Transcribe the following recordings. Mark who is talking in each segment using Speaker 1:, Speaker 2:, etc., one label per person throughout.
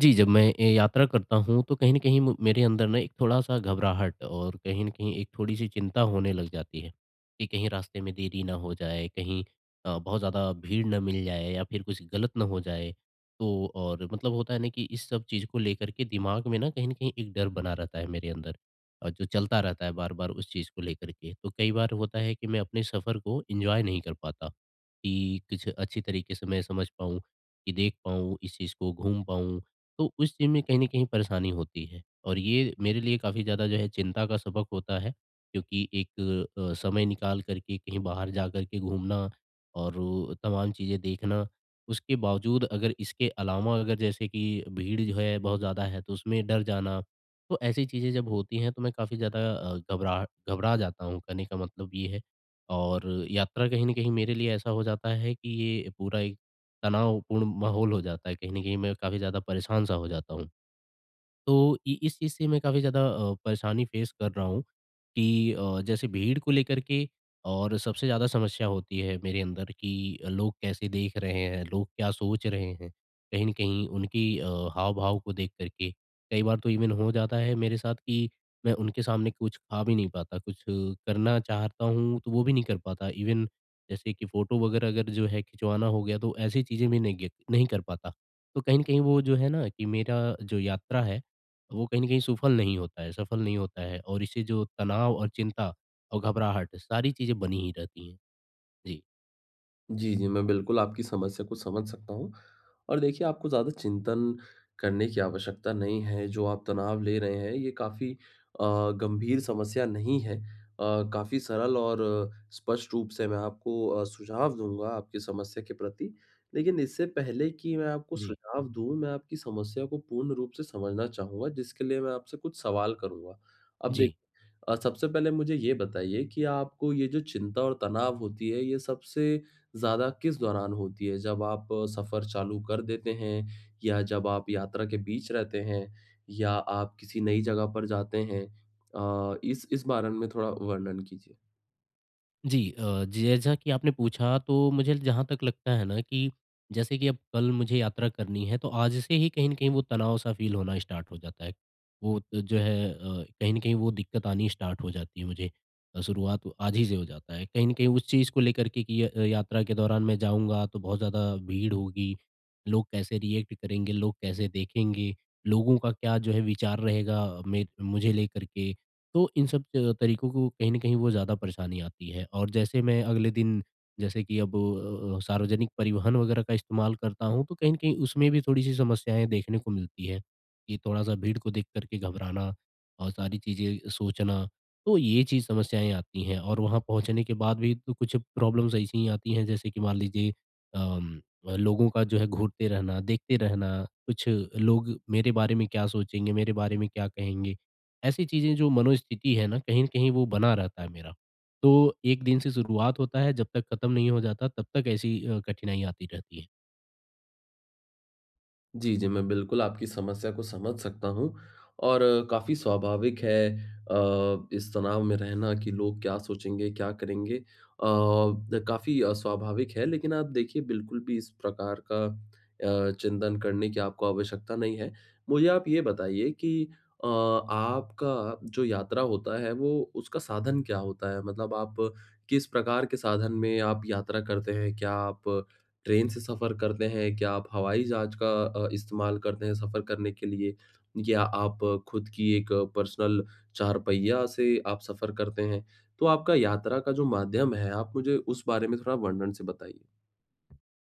Speaker 1: जी, जब मैं ए यात्रा करता हूँ, तो कहीं न कहीं म मेरे अंदर ना एक थोड़ा-सा घबराहट और कहीं न कहीं एक थोड़ी-सी चिंता होने लग जाती है। कि कहीं रास्ते में देरी ना हो जाए, कहीं अ, बहुत ज़्यादा भीड़ ना मिल जाए या फिर कुछ गलत ना हो जाए। तो और मतलब होता है ना कि इस सब चीज़ को लेकर के दिमाग में ना कहीं न कहीं एक डर बना रहता है, मेरे अंदर। और जो चलता रहता है, बार-बार उस चीज़ को लेकर के। तो कई बार होता है कि मैं अपने सफर को एन्जॉय नहीं कर पाता। कि कुछ अच्छी तरीके से मैं समझ पाऊँ, की देख पाऊँ, इस चीज़ को घूम पाऊँ, तो उस चीज़ में कहीं न कहीं परेशानी होती है। और ये मेरे लिए काफ़ी ज़्यादा जो है चिंता का सबक होता है, क्योंकि एक अ अ, समय निकाल कर के कहीं बाहर जाकर के घूमना और तमाम चीज़ें देखना। उसके बावजूद अगर इसके अलावा, अगर जैसे कि भीड़ जो है बहुत ज़्यादा है, तो उसमें डर जाना। तो ऐसी चीज़ें जब होती है, तो मैं काफ़ी ज़्यादा अ, घबराह घबरा जाता हूँ कहने का मतलब ये है। और यात्रा कहीं न कहीं मेरे लिए ऐसा हो जाता है, कि ये पूरा एक तनावपूर्ण माहौल हो जाता है। कहीं न कहीं मैं काफ़ी ज़्यादा परेशान-सा हो जाता हूँ। तो इ इस चीज़ से मैं काफ़ी ज़्यादा अ, परेशानी फेस कर रहा हूँ। की अ, जैसे भीड़ को लेकर के और सबसे ज़्यादा समस्या होती है, मेरे अंदर की अ, लोग कैसे देख रहे हैं, लोग क्या सोच रहे हैं, कहीं न कहीं उनकी अ, हाव-भाव को देख कर के, कई बार तो इवेन हो जाता है मेरे साथ कि मैं उनके सामने कुछ खा भी नहीं पाता, कुछ अ, करना चाहता हूँ, तो वो भी नहीं कर पाता। इवेन जैसे कि फोटो वगैरह अगर जो है खिंचवाना हो गया, तो ऐसी चीज़ें भी नहीं गी नहीं कर पाता। तो कहीं न कहीं वो जो है ना, कि मेरा जो यात्रा है, वो कहीं न कहीं सफल नहीं होता है सफल नहीं होता है और इससे जो तनाव और चिंता और घबराहट, सारी चीज़ें बनी ही रहती है। जी।
Speaker 2: जी, जी। मैं बिल्कुल आपकी समस्या को समझ सकता हूँ। और देखिए आपको ज़्यादा चिंतन करने की आवश्यकता नहीं है। जो आप तनाव ले रहे हैं, ये काफ़ी अ, गंभीर समस्या नहीं है। अ, काफ़ी सरल और स्पष्ट रूप से मैं आपको अ, सुझाव दूँगा, आपकी समस्या के प्रति। लेकिन इससे पहले की मैं आपको
Speaker 1: जी।
Speaker 2: सुझाव दूँ, मैं आपकी समस्या को पूर्ण रूप से समझना चाहूँगा। जिसके लिए मैं आपसे कुछ सवाल करूँगा। अब देख
Speaker 1: जी।
Speaker 2: अ, सबसे पहले मुझे ये बताइए कि आपको ये जो चिंता और तनाव होती है, ये सबसे ज़्यादा किस दौरान होती है? जब आप सफर चालू कर देते हैं? या जब आप यात्रा के बीच रहते हैं? या आप किसी नई जगह पर जाते हैं? अ, इस इस बारे में थोड़ा वर्णन कीजिए।
Speaker 1: जी। अ, जी, जैसा की आपने पूछा तो मुझे जहाँ तक लगता है ना, कि जैसे कि अब कल मुझे यात्रा करनी है, तो आज से ही कहीं न कहीं वो तनाव-सा फ़ील होना स्टार्ट हो जाता है। वो तो, जो है, अ, कहीं न कहीं वो दिक्क़त आनी स्टार्ट हो जाती है मुझे। शुरुआत आज ही से हो जाता है। कहीं न कहीं उस चीज़ को लेकर के की य अ, यात्रा के दौरान मैं जाऊँगा तो बहुत ज़्यादा भीड़ होगी। लोग कैसे रिएक्ट करेंगे। लोग कैसे देखेंगे, लोगों का क्या जो है विचार रहेगा अ, में मुझे लेकर के, तो इन सब अ, तरीकों को कहीं न कहीं वो ज़्यादा परेशानी आती है। और जैसे मैं अगले दिन जैसे कि अब अ अ अ, सार्वजनिक परिवहन वगैरह का इस्तेमाल करता हूँ, तो कहीं न कहीं उसमें भी थोड़ी-सी समस्याएँ देखने को मिलती है। कि थोड़ा-सा भीड़ को देख कर के घबराना और सारी चीज़ें सोचना। तो ये चीज़ समस्याएँ आती हैं, और वहाँ पहुँचने के बाद भी तो कुछ प्रॉब्लम्स ऐसी ही आती हैं, जैसे कि मान लीजिए अम, लोगों का जो है घूरते रहना, देखते रहना, कुछ लोग मेरे बारे में क्या सोचेंगे, मेरे बारे में क्या कहेंगे। ऐसी चीज़ें जो मनोस्थिति है ना, कहीं न कहीं वो बना रहता है मेरा। तो 1 दिन से शुरुआत होता है, जब तक खत्म नहीं हो जाता, तब तक ऐसी ही कठिनाई अ, आती रहती है।
Speaker 2: जी, जी, मैं बिल्कुल आपकी समस्या को समझ सकता हूँ, और काफ़ी स्वाभाविक है अ, इस तनाव में रहना कि लोग क्या सोचेंगे, क्या करेंगे। अ, काफ़ी अ, स्वाभाविक है, लेकिन आप देखिए बिल्कुल भी इस प्रकार का अ, चिंतन करने की आपको आवश्यकता नहीं है। मुझे आप ये बताइए कि अ आपका जो यात्रा होता है, वो उसका साधन क्या होता है? मतलब आप किस प्रकार के साधन में आप यात्रा करते हैं? क्या आप ट्रेन से सफ़र करते हैं? क्या आप हवाई जहाज़ का अ, इस्तेमाल करते हैं, सफ़र करने के लिए? या आप खुद की एक पर्सनल चार-पहिया से आप सफ़र करते हैं? तो आपका यात्रा का जो माध्यम है, आप मुझे उस बारे में थोड़ा वर्णन से बताइए।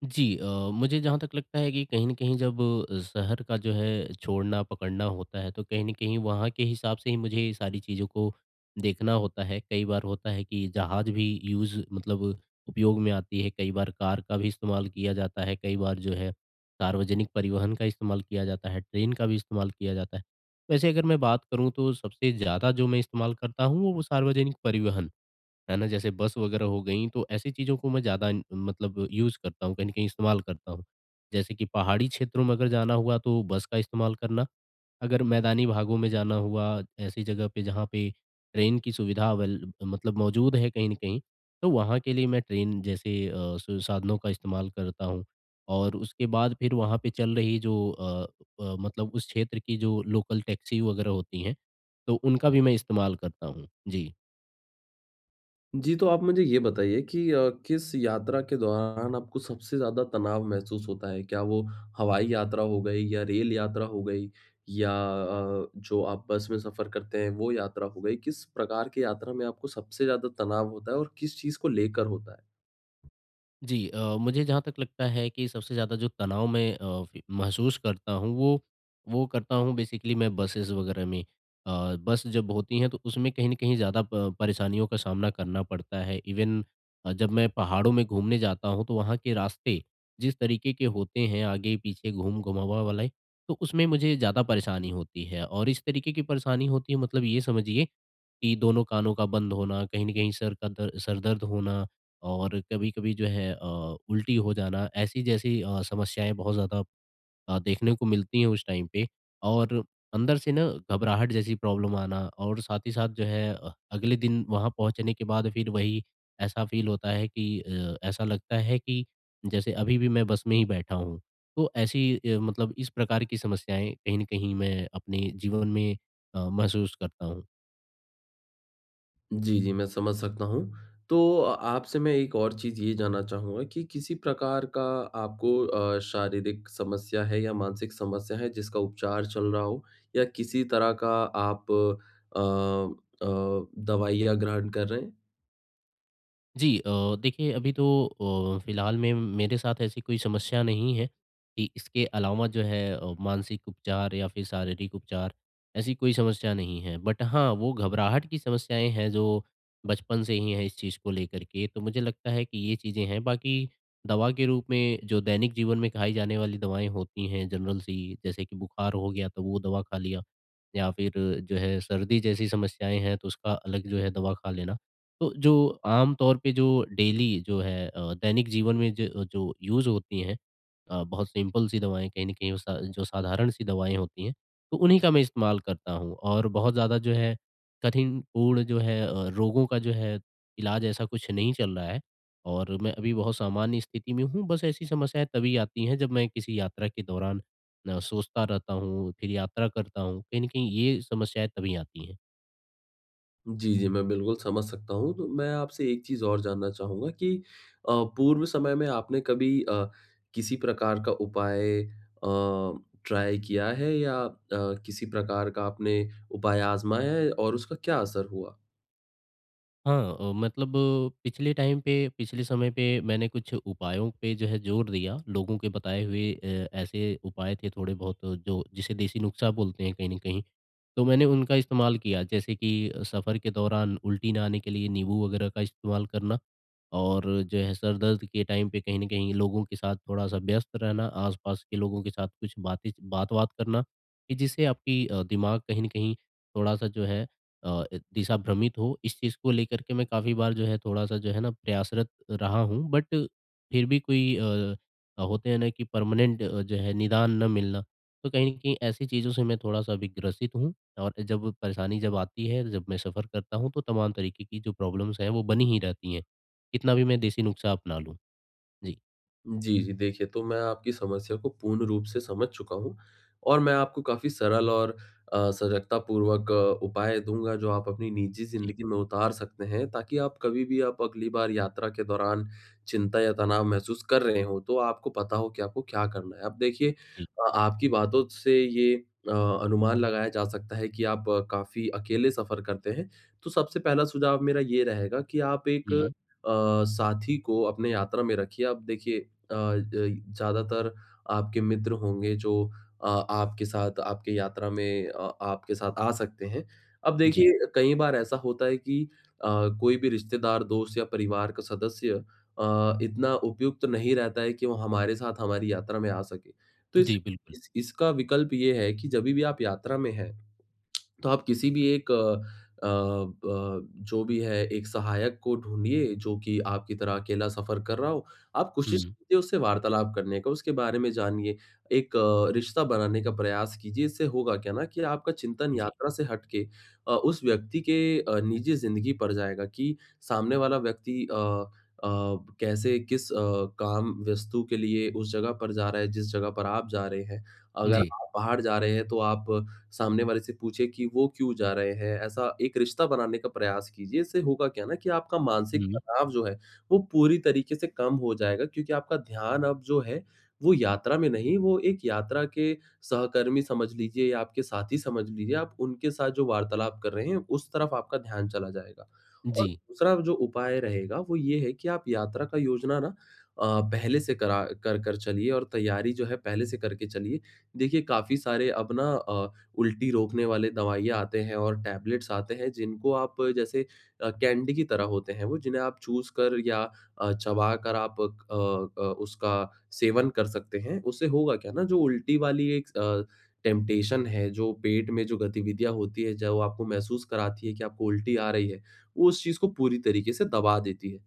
Speaker 1: जी अ, मुझे जहाँ तक लगता है कि कहीं न कहीं जब शहर का जो है, छोड़ना-पकड़ना होता है, तो कहीं न कहीं वहाँ के हिसाब से ही मुझे ये सारी चीज़ों को देखना होता है। कई बार होता है, कि जहाज़ भी यूज़ मतलब उपयोग में आती है, कई बार कार का भी इस्तेमाल किया जाता है। कई बार जो है सार्वजनिक परिवहन का इस्तेमाल किया जाता है, ट्रेन का भी इस्तेमाल किया जाता है। वैसे अगर मैं बात करूँ तो सबसे ज़्यादा जो मैं इस्तेमाल करता हूँ, वो सार्वजनिक परिवहन, है ना? जैसे बस वगैरह हो गई तो ऐसी चीज़ों को मैं ज़्यादा मतलब यूज़ करता हूँ, कहीं न कहीं इस्तेमाल करता हूँ। जैसे कि पहाड़ी क्षेत्रों में अगर जाना हुआ, तो बस का इस्तेमाल करना, अगर मैदानी भागों में जाना हुआ, ऐसी जगह पे जहाँ पे ट्रेन की सुविधा अवेल मतलब मौजूद है, कहीं न कहीं तो वहाँ के लिए मैं ट्रेन जैसे अ, स साधनों का इस्तेमाल करता हूँ, और उसके बाद फिर वहाँ पे चल रही जो अ अ, मतलब उस क्षेत्र की जो लोकल टैक्सी वगैरह होती हैं, तो उनका भी मैं इस्तेमाल करता हूँ। जी।
Speaker 2: जी, तो आप मुझे ये बताइए कि अ, किस यात्रा के दौरान आपको सबसे ज़्यादा तनाव महसूस होता है? क्या वो हवाई यात्रा हो गई या रेल यात्रा हो गई, या अ, जो आप बस में सफ़र करते हैं, वो यात्रा हो गई? किस प्रकार की यात्रा में आपको सबसे ज़्यादा तनाव होता है और किस चीज़ को लेकर होता है?
Speaker 1: जी। अ, मुझे जहाँ तक लगता है कि सबसे ज़्यादा जो तनाव मैं अ, फी महसूस करता हूँ, वो वो करता हूँ बेसिकली मैं बसेज़ वगैरह में। अ, बस जब होती हैं, तो उसमें कहीं न कहीं ज़्यादा प परेशानियों का सामना करना पड़ता है। इवेन अ, जब मैं पहाड़ों में घूमने जाता हूँ, तो वहाँ के रास्ते जिस तरीके के होते हैं, आगे-पीछे घूम-घूमवा वाले। तो, उसमें मुझे ज़्यादा परेशानी होती है और इस तरीके की परेशानी होती है, मतलब ये समझिए, कि दोनों कानों का बंद होना, कहीं न कहीं सर का दर्द सर दर्द होना और कभी-कभी जो है अ, उल्टी हो जाना, ऐसी जैसी अ, समस्याएंँ बहुत ज़्यादा अ, देखने को मिलती है उस टाइम पे। और अंदर से ना घबराहट जैसी प्रॉब्लम आना और साथ ही साथ जो है अ, अगले दिन वहाँ पहुँचने के बाद फिर वही ऐसा फ़ील होता है कि अ, ऐसा लगता है कि, जैसे अभी भी मैं बस में ही बैठा हूँ। तो ऐसी अ, मतलब इस प्रकार की समस्याएँ कहीं न कहीं मैं अपने जीवन में अ, महसूस करता हूँ।
Speaker 2: जी, जी। मैं समझ सकता हूँ। तो, अ, आपसे मैं एक और चीज़ ये जानना चाहूँगा, कि किसी प्रकार का आपको अ, शारीरिक समस्या है या मानसिक समस्या है, जिसका उपचार चल रहा हो या किसी तरह का आप अ अ, दवाइयाँ ग्रहण कर रहे हैं?
Speaker 1: जी। अ, देखिए, अभी तो अ, फिलहाल में मेरे साथ ऐसी कोई समस्या नहीं है, कि इसके अलावा जो है अ, मानसिक उपचार या फिर शारीरिक उपचार ऐसी कोई समस्या नहीं है। बट हाँ, वो घबराहट की समस्याएँ हैं जो, बचपन से ही हैं इस चीज़ को लेकर के। तो मुझे लगता है, कि ये चीज़ें हैं। बाकी दवा के रूप में जो दैनिक जीवन में खाई जाने वाली दवाएँ होती हैं, जनरल सी, जैसे कि बुखार हो गया, तो वो दवा खा लिया। या फिर जो है, सर्दी जैसी समस्याएँ हैं, तो उसका अलग जो है दवा खा लेना। तो जो आम तौर पे जो डेली जो है अ, दैनिक जीवन में ज जो यूज़ होती हैं अ, बहुत सिंपल सी दवाएँ कहीं न कहीं वो सा जो साधारण सी दवाएँ होती हैं, तो उन्हीं का मैं इस्तेमाल करता हूँ। और बहुत ज़्यादा जो है, कठिनपूर्ण जो है अ, रोगों का जो है, इलाज ऐसा कुछ नहीं चल रहा है और मैं अभी बहुत सामान्य स्थिति में हूँ। बस ऐसी समस्याएँ तभी आती है, जब मैं किसी यात्रा के दौरान सोचता रहता हूँ, फिर यात्रा करता हूँ, कहीं न कहीं ये समस्याएँ तभी आती हैं।
Speaker 2: जी, जी, मैं बिल्कुल समझ सकता हूँ। तो मैं आपसे एक चीज़ और जानना चाहूँगा कि अ, पूर्व समय में आपने कभी अ, किसी प्रकार का उपाय अ, ट्राई किया है या अ, किसी प्रकार का आपने उपाय आज़माया है और उसका क्या असर हुआ?
Speaker 1: हाँ अ, मतलब पिछले टाइम पे, पिछले समय पे मैंने कुछ उपायों पे जो है ज़ोर दिया लोगों के बताए हुए अ, ऐसे उपाय थे थोड़े बहुत जो जिसे देसी नुस्ख़ा बोलते हैं कहीं न कहीं तो मैंने उनका इस्तेमाल किया। जैसे की सफ़र के दौरान उल्टी ना आने के लिए नींबू वग़ैरह का इस्तेमाल करना और जो है सर दर्द के टाइम पे कहीं न कहीं लोगों के साथ थोड़ा-सा व्यस्त रहना, आस-पास के लोगों के साथ कुछ बातें च बात-वात करना, कि जिससे आपकी अ, दिमाग कहीं न कहीं थोड़ा-सा जो है अ, दिशा भ्रमित हो इस चीज़ को लेकर के मैं काफ़ी बार जो है थोड़ा-सा जो है ना प्रयासरत रहा हूँ। बट फिर भी कोई अ, होते हैं ना कि परमानेंट अ, जो है निदान ना मिलना। तो कहीं न कहीं ऐसी चीज़ों से मैं थोड़ा-सा अभी ग्रसित हूँ। और जब परेशानी जब आती है, जब मैं सफ़र करता हूँ तो तमाम तरीक़े की जो प्रॉब्लम्स हैं वो बनी ही रहती हैं, कितना भी मैं देसी नुस्ख़ा अपना लूँ। जी।
Speaker 2: जी, जी। देखिए तो मैं आपकी समस्या को पूर्ण रूप से समझ चुका हूँ। और मैं आपको काफ़ी सरल और अ, सजगतापूर्वक उपाय दूँगा जो आप अपनी निजी
Speaker 1: जी।
Speaker 2: ज़िन्दगी में उतार सकते हैं ताकि आप कभी भी आप अगली बार यात्रा के दौरान चिंता या तनाव महसूस कर रहे हों तो आपको पता हो कि आपको क्या करना है। अब देखिए
Speaker 1: जी।
Speaker 2: अ, आपकी बातों से ये अ, अनुमान लगाया जा सकता है कि आप काफ़ी अकेले सफ़र करते हैं। तो सबसे पहला सुझाव मेरा ये रहेगा कि आप एक अ,
Speaker 1: हुँ।
Speaker 2: साथी को अपने यात्रा में रखिए अब देखिए अ, ज ज़्यादातर आपके मित्र होंगे जो अ, आपके साथ आपके यात्रा में अ, आपके साथ आ सकते हैं। अब
Speaker 1: जी।
Speaker 2: देखिए कई बार ऐसा होता है कि अ, कोई भी रिश्तेदार, दोस्त या परिवार का सदस्य अ, इतना उपयुक्त नहीं रहता है कि वो हमारे साथ हमारी यात्रा में आ सके। तो इस
Speaker 1: जी, बिल्कुल।
Speaker 2: इस इसका विकल्प ये है कि जभी भी आप यात्रा में हैं तो आप किसी भी एक अ अ, ब जो भी है एक सहायक को ढूँढिए जो की आपकी तरह अकेला सफ़र कर रहा हो। आप कोशिश
Speaker 1: हुँ।
Speaker 2: कीजिए उससे वार्तालाप करने का, उसके बारे में जानिए। एक अ, रिश्ता बनाने का प्रयास कीजिए इससे होगा क्या ना कि आपका चिंतन
Speaker 1: जी।
Speaker 2: यात्रा से हट के अ, उस व्यक्ति के अ, निजी जिंदगी पर जाएगा कि सामने वाला व्यक्ति अ अ, कैसे किस अ, काम वस्तु के लिए उस जगह पर जा रहा है, जिस जगह पर आप जा रहे हैं, अगर
Speaker 1: जी।
Speaker 2: आप बाहर जा रहे हैं तो आप सामने वाले से पूछें कि वो क्यों जा रहे हैं? ऐसा एक रिश्ता बनाने का प्रयास कीजिए इससे होगा क्या ना कि आपका मानसिक
Speaker 1: हुँ।
Speaker 2: तनाव जो है वो पूरी तरीके से कम हो जाएगा क्योंकि आपका ध्यान अब जो है, वो यात्रा में नहीं, वो एक यात्रा के सहकर्मी समझ लीजिए या आपके साथी समझ लीजिए, आप उनके साथ जो वार्तालाप कर रहे हैं, उस तरफ आपका ध्यान चला जाएगा। और
Speaker 1: जी।
Speaker 2: दूसरा जो उपाय रहेगा वो ये है कि आप यात्रा का योजना ना अ, पहले से करा कर कर चलिए और तैयारी जो है पहले से करके चलिए। देखिए काफ़ी सारे अब अपना अ, उल्टी रोकने वाले दवाइयाँ आते हैं और टेबलेट्स आते हैं जिनको आप जैसे अ, कैंडी की तरह होते हैं वो जिन्हें आप चूसकर या अ, चबाकर आप अ अ, उसका सेवन कर सकते हैं। उससे होगा क्या ना जो उल्टी वाली एक अ, टेम्पटेशन है, जो पेट में जो गतिविधियाँ होती हैं, चाहे वो आपको महसूस कराती हैं कि आपको उल्टी आ रही है, वो उस चीज़ को पूरी तरीके से दबा देती है।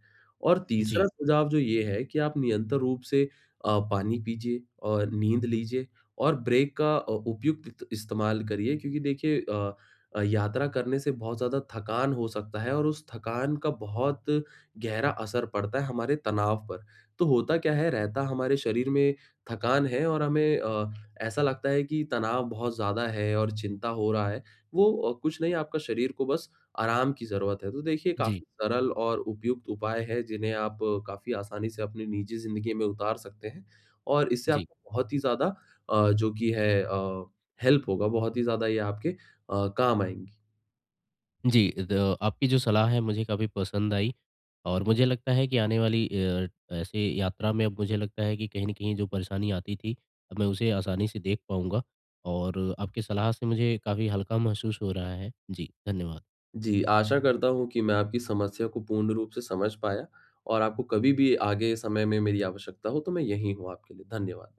Speaker 2: और तीसरा
Speaker 1: जी।
Speaker 2: सुझाव जो ये है कि आप निरंतर रूप से अ, पानी पीजिए अ, नींद लीजिए, और ब्रेक का अ, उपयुक्त इस्तेमाल करिए, क्योंकि देखिए अ अ, यात्रा करने से बहुत ज़्यादा थकान हो सकता है और उस थकान का बहुत गहरा असर पड़ता है हमारे तनाव पर। तो होता क्या है, रहता हमारे शरीर में थकान है और हमें अ, ऐसा लगता है कि तनाव बहुत ज़्यादा है और चिंता हो रहा है। वो अ, कुछ नहीं आपका शरीर को बस आराम की ज़रूरत है। तो देखिए
Speaker 1: जी।
Speaker 2: काफ़ी सरल और उपयुक्त उपाय है जिन्हें आप काफ़ी आसानी से अपनी निजी ज़िन्दगी में उतार सकते हैं। और इससे
Speaker 1: जी।
Speaker 2: आपको बहुत ही ज़्यादा अ, जो कि है अ, हेल्प होगा। बहुत ही ज़्यादा ये आपके अ, काम आएँगी।
Speaker 1: जी। ज आपकी जो सलाह है मुझे काफ़ी पसंद आई। और मुझे लगता है कि आने वाली अ, ऐसे यात्रा में अब मुझे लगता है कि कहीं न कहीं जो परेशानी आती थी अब मैं उसे आसानी से देख पाऊँगा। और आपकी सलाह से मुझे काफ़ी हल्का महसूस हो रहा है। जी, धन्यवाद।
Speaker 2: जी। आशा करता हूँ कि मैं आपकी समस्या को पूर्ण रूप से समझ पाया। और आपको कभी भी आगे समय में मेरी आवश्यकता हो तो मैं यहीं हूँ आपके लिए। धन्यवाद।